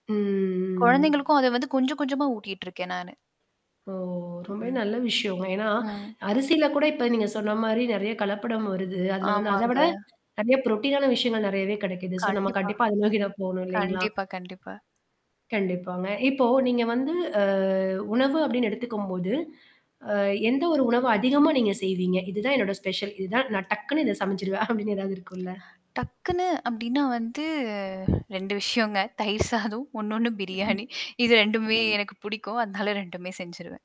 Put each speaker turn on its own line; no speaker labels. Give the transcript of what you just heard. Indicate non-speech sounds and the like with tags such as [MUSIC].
ம்
குழந்தைகளுக்கும் அத வந்து கொஞ்சம், கொஞ்சமா ஊட்டிட்ருக்கேன், நானு.
ஓ ரொம்பவே
ம்.
நல்ல விஷயங்க. ஏன்னா,
ஆ.
அரிசியில கூட இப்போ நீங்க சொன்ன மாரி நிறைய கலப்படம் வருது. அதில வந்து, அதை
ஆமாங்க.
விட நிறைய புரோட்டீன் ஆன விஷயங்கள் நிறையவே கிடைக்குது. சோ நாம
கண்டிப்பா.
கண்டிப்பா [CHUCKLES] அதை நோக்கி தான் போகணும், இல்லைங்களா?
கண்டிப்பா, கண்டிப்பா.
கண்டிப்பாங்க. இப்போ நீங்க வந்து அ உணவு அப்படின்னு எடுத்துக்கும் போது, அ எந்த ஒரு உணவை அதிகமா நீங்க செய்வீங்க. இதுதான் என்னுடைய ஸ்பெஷல். இது தான் நான் டக்குன்னு இதை சமைடச்சுடுவேன். [CHUCKLES] அப்படின்னு ஏதாவது
[SMACKS LIPS]
இருக்கும்ல?
டக்குனு அப்படின்னா வந்து 2 விஷயங்க தயிர் சாதம் இன்னொன்னு
ம்,
பிரியாணி. இது 2மே
ம்.
எனக்கு பிடிக்கும். அதனால 2மே செஞ்சுருவேன்.